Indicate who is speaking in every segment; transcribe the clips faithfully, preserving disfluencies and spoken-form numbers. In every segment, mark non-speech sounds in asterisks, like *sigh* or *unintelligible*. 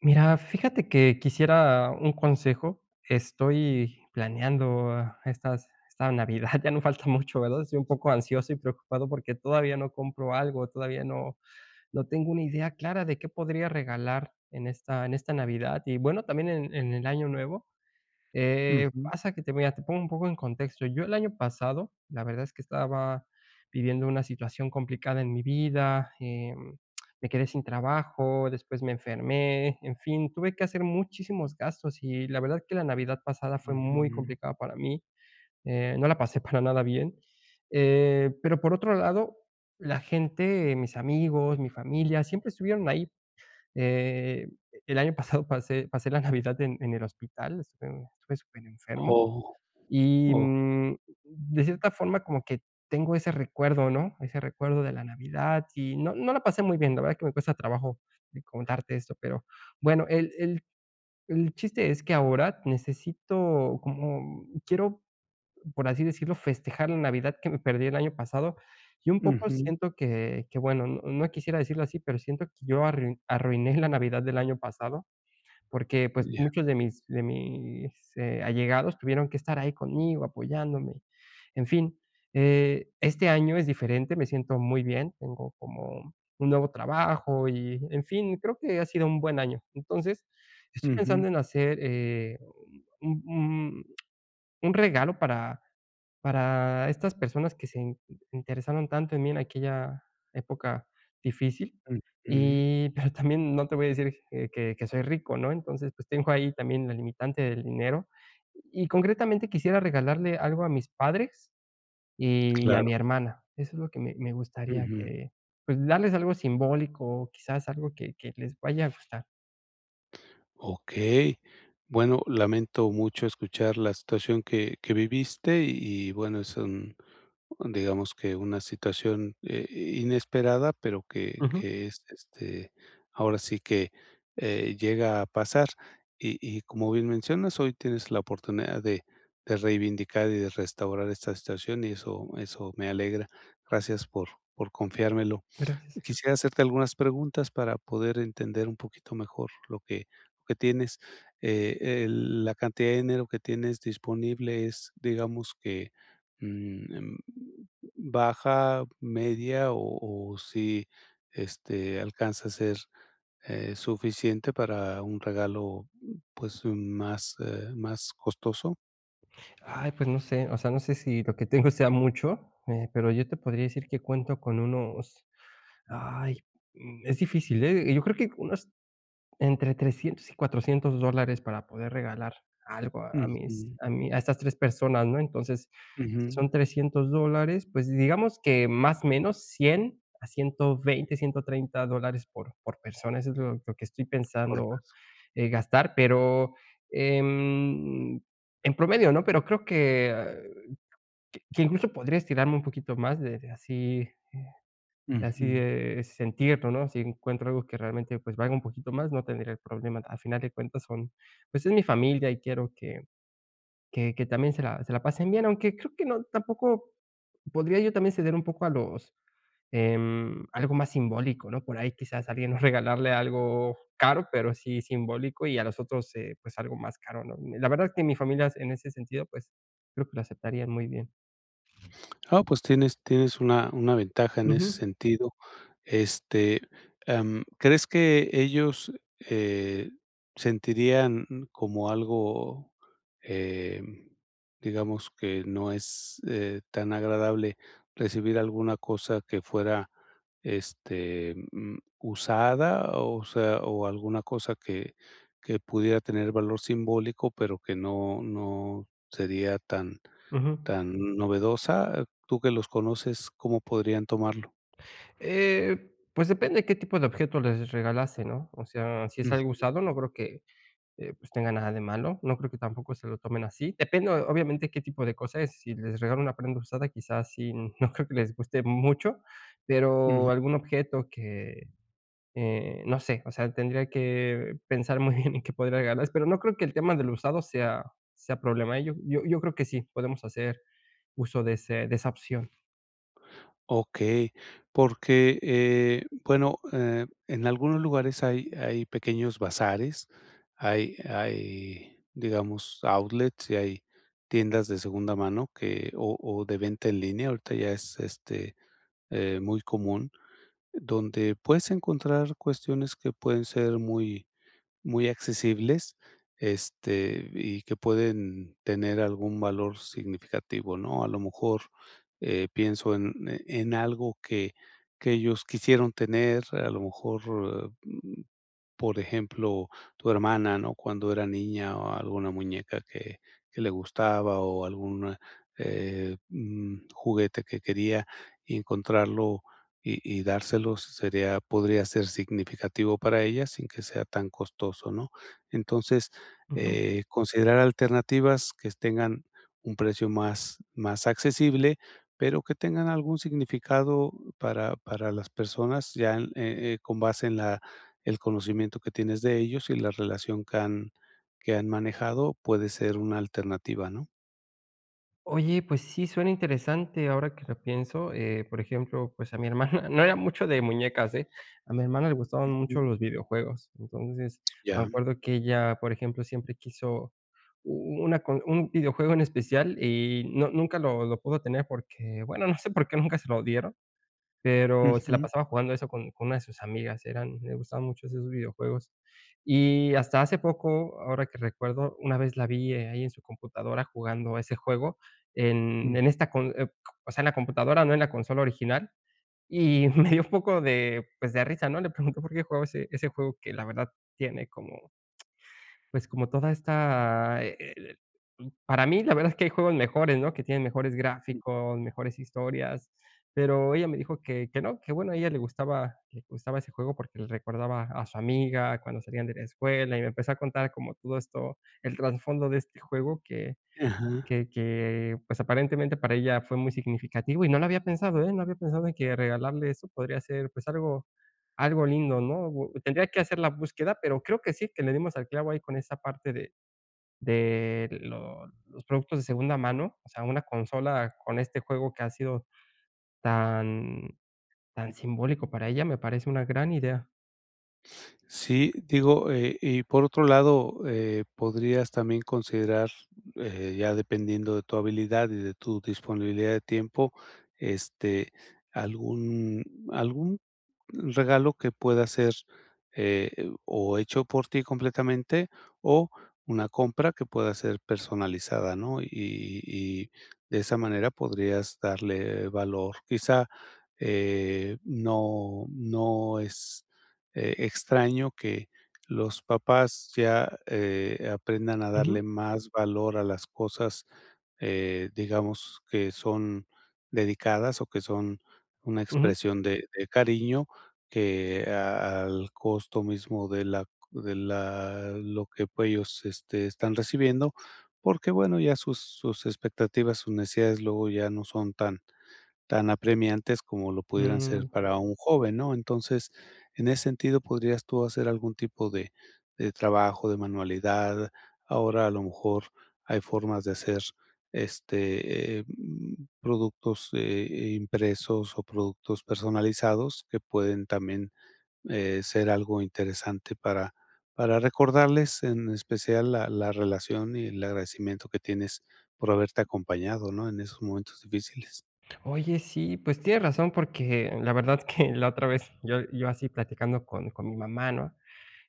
Speaker 1: Mira, fíjate que quisiera un consejo, estoy planeando estas esta Navidad ya no falta mucho, ¿verdad? Estoy un poco ansioso y preocupado porque todavía no compro algo, todavía no no tengo una idea clara de qué podría regalar en esta en esta Navidad y bueno, también en en el Año Nuevo. Eh,
Speaker 2: Ujú.
Speaker 1: pasa que te voy a te pongo un poco en contexto, yo el año pasado, la verdad es que estaba viviendo una situación complicada en mi vida, eh, me quedé sin trabajo, después me enfermé, en fin, tuve que hacer muchísimos gastos y la verdad que la Navidad pasada fue muy
Speaker 2: Ujú.
Speaker 1: complicada para mí. Eh no la pasé para nada bien, eh, pero por otro lado, la gente, mis amigos, mi familia, siempre estuvieron ahí, eh, el año pasado pasé pasé la Navidad en en el hospital, estuve estuve super enfermo
Speaker 2: Oh,
Speaker 1: y,
Speaker 2: oh.
Speaker 1: mm, de cierta forma como que tengo ese recuerdo, ¿no?, ese recuerdo de la Navidad y no no la pasé muy bien, la verdad es que me cuesta trabajo de contarte esto, pero bueno, el el el chiste es que ahora necesito como quiero, por así decirlo, festejar la Navidad que me perdí el año pasado y un poco
Speaker 2: Ujú.
Speaker 1: siento que que bueno, no quisiera decirlo así, pero siento que yo arrui arruiné la Navidad del año pasado porque pues
Speaker 2: Ya.
Speaker 1: muchos de mis de mis, eh, allegados tuvieron que estar ahí conmigo apoyándome. En fin, eh, este año es diferente, me siento muy bien, tengo como un nuevo trabajo y en fin, creo que ha sido un buen año. Entonces, estoy
Speaker 2: Ujú.
Speaker 1: pensando en hacer, eh, un un un regalo para para estas personas que se interesaron tanto en mí en aquella época difícil
Speaker 2: Ujú.
Speaker 1: y pero también no te voy a decir que que que soy rico, ¿no?, entonces, pues tengo ahí también la limitante del dinero y concretamente quisiera regalarle algo a mis padres y a
Speaker 2: Claro.
Speaker 1: mi hermana. Eso es lo que me me gustaría
Speaker 2: Ujú.
Speaker 1: que, pues, darles algo simbólico o quizás algo que que les vaya a gustar.
Speaker 2: Okey. Bueno, lamento mucho escuchar la situación que que viviste. Y y bueno, es un un Digamos que una situación, eh, inesperada, pero que
Speaker 1: Ujú.
Speaker 2: que es, este, ahora sí que, eh, llega a pasar. Y y como bien mencionas, hoy tienes la oportunidad de de reivindicar, y de restaurar esta situación. Y eso eso me alegra. Gracias por por confiármelo.
Speaker 1: Gracias.
Speaker 2: Quisiera hacerte algunas preguntas para poder entender un poquito mejor, lo que lo que tienes, eh, el La cantidad de dinero que tienes disponible, ¿es digamos que, mm, em, baja, media? O o si, este, ¿alcanza a ser, eh, suficiente para un regalo, pues más, eh, más costoso?
Speaker 1: Ay, pues no sé. O sea, no sé si lo que tengo sea mucho, eh, pero yo te podría decir, que cuento con unos ay, mm, es difícil, ¿eh? Eh, yo creo que unos entre trescientos y cuatrocientos dólares, para poder regalar algo a mis
Speaker 2: Ujú.
Speaker 1: a mi A estas tres personas, ¿no? Entonces, si
Speaker 2: Ujú
Speaker 1: son trescientos dólares, pues digamos que Más, menos, cien a ciento veinte, ciento treinta dólares, por por persona. Eso es lo lo que estoy
Speaker 2: Por
Speaker 1: pensando,
Speaker 2: *unintelligible*
Speaker 1: eh, gastar. Pero, em, en promedio, ¿no? Pero creo que que que incluso, podría estirarme un poquito más de de así, eh, de así,
Speaker 2: Ujú.
Speaker 1: eh, sentirlo, ¿no? Si encuentro algo que realmente, pues valga un poquito más, no tendría el problema. Al final de cuentas son Pues es mi familia, y quiero que que que también se la se la pasen bien. Aunque creo que no Tampoco podría yo también, ceder un poco a los, em, algo más simbólico, ¿no? Por ahí, quizás, a alguien, no regalarle algo caro, pero sí simbólico. Y a los otros, eh, pues algo más caro, ¿no? Ni la verdad es que mi familias, en ese sentido, pues creo que lo aceptarían muy bien.
Speaker 2: Ah, pues tienes tienes una una ventaja en ese
Speaker 1: Ujú.
Speaker 2: sentido. Este, em, ¿crees que ellos, eh, sentirían, como algo, em, digamos, que no es, eh, tan agradable, recibir alguna cosa que fuera, este, mm, usada? O sea, ¿o alguna cosa que que pudiera tener valor simbólico, pero que no no sería tan
Speaker 1: Ujú.
Speaker 2: tan novedosa? Tú que los conoces, ¿cómo podrían tomarlo?
Speaker 1: Eh, pues depende qué tipo de objeto les regalase, ¿no? O sea, si es algo
Speaker 2: Ujú.
Speaker 1: usado, no creo que, eh pues, tenga nada de malo. No creo que tampoco se lo tomen así. Depende o-obviamente, qué tipo de cosas es. Si les regalo una prenda usada, quizás sí No creo que les guste mucho. Pero
Speaker 2: Ujú.
Speaker 1: algún objeto que, eh, no sé. O sea, tendría que pensar muy bien, en qué podría regalarles. Pero no creo que el tema de lo usado sea sea problema, ¿eh? Yo yo yo creo que sí, podemos hacer uso de ese de esa opción.
Speaker 2: Okey. Porque, eh, bueno, eh, en algunos lugares hay hay pequeños bazares, hay hay, digamos, outlets y hay tiendas de segunda mano, que o o de venta en línea, ahorita ya es, este, eh, muy común. Donde puedes encontrar cuestiones que pueden ser muy muy accesibles, este, y que pueden tener algún valor significativo, ¿no? A lo mejor, eh, pienso en en algo que que ellos quisieron tener, a lo mejor, mm, por ejemplo, tu hermana, ¿no?, cuando era niña o alguna muñeca que que le gustaba, o algún, eh, mm, juguete que quería, y encontrarlo y y dárselo sería podría ser significativo para ella sin que sea tan costoso, ¿no? Entonces,
Speaker 1: Ujú.
Speaker 2: eh, considerar alternativas que tengan un precio más más accesible, pero que tengan algún significado para para las personas ya en, eh eh, con base en la el conocimiento que tienes de ellos, y la relación que han que han manejado, puede ser una alternativa, ¿no?
Speaker 1: Oye, pues sí, suena interesante ahora que lo pienso, eh, por ejemplo, pues, a mi hermana, no era mucho de muñecas, eh, a mi hermana le gustaban mucho
Speaker 2: Ujú.
Speaker 1: los videojuegos. Entonces me
Speaker 2: Ya.
Speaker 1: acuerdo que ella, por ejemplo, siempre quiso u u u una con un videojuego en especial, y no, nunca lo lo pudo tener, porque bueno, no sé, por qué, nunca se lo dieron, pero, se la
Speaker 2: Ujú.
Speaker 1: pasaba jugando eso con con una de sus amigas, eran le gustaban mucho esos videojuegos y hasta hace poco, ahora que recuerdo una vez la vi ahí en su computadora, jugando a ese juego, en en
Speaker 2: Uh.
Speaker 1: esta con, o q o sea, en la computadora, no, en la consola original y me dio un poco de pues, de risa, ¿no?, le pregunto por qué jugaba ese ese juego que la verdad tiene como, pues, como toda esta, e e e para mí la verdad es que hay juegos mejores ¿no?, que tienen mejores
Speaker 2: Ujú.
Speaker 1: gráficos, mejores historias. Pero, ella me dijo que que no, que bueno, a ella le gustaba le gustaba ese juego, porque, le recordaba a su amiga cuando salían de la escuela y me empezó a contar como todo esto, el trasfondo de este juego, que
Speaker 2: Ajá.
Speaker 1: que que pues, aparentemente para ella fue muy significativo y no lo había pensado, eh, no había pensado en que regalarle esto podría ser, pues, algo algo lindo, ¿no? Tendría que hacer la búsqueda, pero, creo que sí, que le dimos al clavo, ahí con esa parte de de los productos de segunda mano. O sea, una consola con este juego que ha sido tan tan simbólico para ella, me parece una gran idea.
Speaker 2: Sí. Digo, eh, y por otro lado, eh, podrías también considerar, eh, ya dependiendo de tu habilidad y de tu disponibilidad de tiempo, este, algún algún regalo que pueda ser, eh, o hecho por ti completamente, o una compra que pueda ser personalizada, ¿no? Y y de esa manera podrías darle valor. Quizá eh, no no es, eh, extraño que los papás, ya, eh, aprendan a
Speaker 1: Ujú.
Speaker 2: darle más valor a las cosas, eh, digamos que son dedicadas, o que son una
Speaker 1: Ujú.
Speaker 2: expresión de de cariño, que a al costo mismo de la de la lo que ellos, este, están recibiendo. Porque, bueno, ya sus sus expectativas, sus necesidades, luego ya no son tan tan apremiantes, como lo pudieran ser
Speaker 1: Mm.
Speaker 2: para un joven, ¿no? Entonces, en ese sentido, podrías tú hacer algún tipo de de trabajo, de manualidad. Ahora, a lo mejor, hay formas de hacer, este, em, productos, eh eh, impresos o productos personalizados, que pueden también, eh, ser algo interesante para para recordarles, en especial la la relación y el agradecimiento que tienes por haberte acompañado, ¿no?, en esos momentos difíciles.
Speaker 1: Oye, sí, pues, tienes razón, porque la verdad que la otra vez, yo yo así platicando con con mi mamá, ¿no?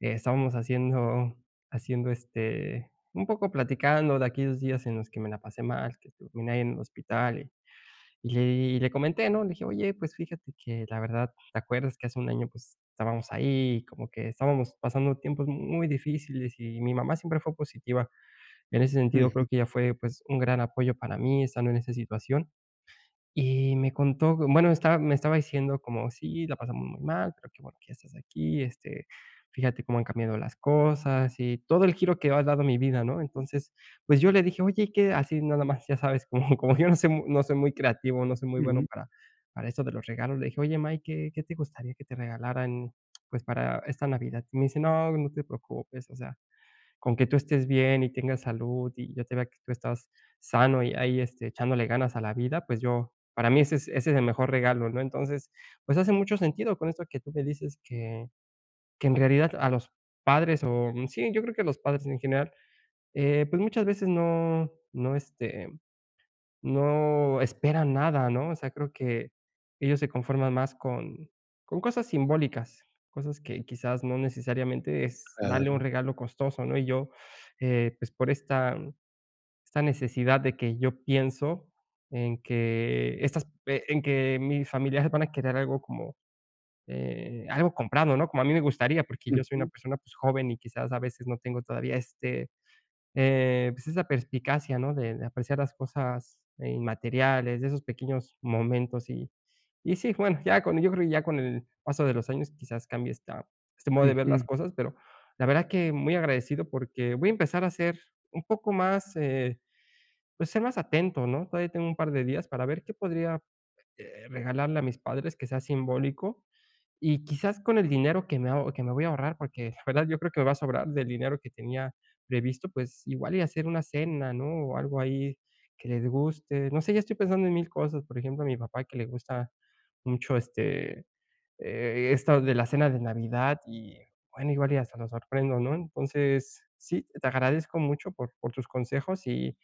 Speaker 1: Estábamos haciendo haciendo, este, un poco platicando de aquellos días en los que me la pasé mal, que estuve ahí en el hospital y y le di y le comenté, ¿no? Le dije: "Oye, pues, fíjate que la verdad, ¿te acuerdas que hace un año, pues, estábamos ahí, como que, estábamos pasando tiempos muy difíciles?" Y mi mamá, siempre fue positiva en ese sentido,
Speaker 2: Ujú.
Speaker 1: creo que ella fue, pues, un gran apoyo para mí, estando en esa situación. Y me contó, bueno, estaba, me estaba diciendo como, sí, la pasamos muy mal, pero que bueno que ya estás aquí, este, fíjate cómo han cambiado las cosas y todo el giro que ha dado mi vida, ¿no? Entonces, pues, yo le dije: "Oye y qué", así nada más, ya sabes cómo, como yo no soy mu no soy muy creativo, no soy muy bueno
Speaker 2: Ujú.
Speaker 1: para para esto de los regalos. Le dije: "Oye, má, ¿y qué qué te gustaría que te regalaran, pues, para esta Navidad?" Y me dice: "No, no te preocupes, o sea, con que tú estés bien y tengas salud, y yo te vea que tú estás sano, y ahí, este, echándole ganas a la vida, pues, yo para mí, ese es ese es el mejor regalo, ¿no?" Entonces, pues, hace mucho sentido con esto que tú me dices, que que en realidad a los padres, oh, mm, sí, yo creo que a los padres en general, eh, pues, muchas veces no no, este, no esperan nada, ¿no? O sea, creo que ellos se conforman más con con cosas simbólicas, cosas que, quizás, no, necesariamente, es darle un
Speaker 2: Claro.
Speaker 1: regalo costoso, ¿no? Y yo, eh, pues, por esta esta necesidad de que yo pienso en que estas, eh, en que mis familiares van a querer algo como, eh, algo comprado, ¿no?, como a mí me gustaría, porque yo soy una
Speaker 2: Ujú.
Speaker 1: persona, pues, joven, y quizás a veces, no tengo todavía este, eh, pues, esa perspicacia, ¿no?, de de apreciar las cosas, eh, inmateriales, de esos pequeños momentos. Y y sí, bueno, ya con yo creo que ya con el paso de los años, quizás cambie esta este modo de ver las
Speaker 2: Ujú.
Speaker 1: cosas. Pero la verdad que, muy agradecido, porque, voy a empezar a ser un poco más, eh, pues, ser más atento, ¿no? Todavía tengo un par de días para ver qué podría, este, regalarle a mis padres, que sea simbólico. Y, quizás, con el dinero que me aho que me voy a ahorrar, porque la verdad, yo creo que me va a sobrar del dinero que tenía previsto, pues, igual y hacer una cena, ¿no?, o algo ahí que les guste. No sé, ya estoy pensando en mil, cosas. Por ejemplo, a mi papá que le gusta mucho, este, eh, esto de la cena de Navidad, y bueno, igual y hasta lo sorprendo, ¿no? Entonces, sí, te agradezco mucho por por tus consejos y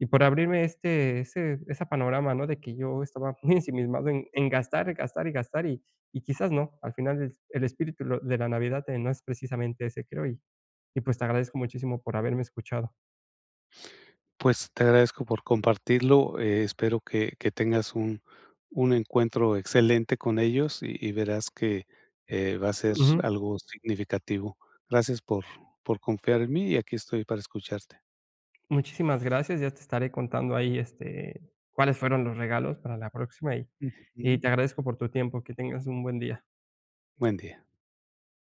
Speaker 1: y por abrirme este, ese esa panorama, ¿no?, de que yo estaba muy ensimismado en en gastar, gastar y gastar, y y quizás no. Al final, el es el espíritu lo de la Navidad, eh, no es precisamente ese, creo. Y y, pues, te agradezco muchísimo por haberme escuchado.
Speaker 2: Pues, te agradezco por compartirlo. Eh, espero que que tengas un un encuentro excelente con ellos, y y verás que, eh, va a ser s
Speaker 1: Ujú.
Speaker 2: algo significativo. Gracias por por confiar en mí, y aquí estoy para escucharte.
Speaker 1: Muchísimas gracias. Ya te estaré contando ahí, este, cuáles fueron los regalos, para la próxima. Y y
Speaker 2: Ujú.
Speaker 1: te agradezco por tu tiempo. Que tengas muy buen día.
Speaker 2: Buen día.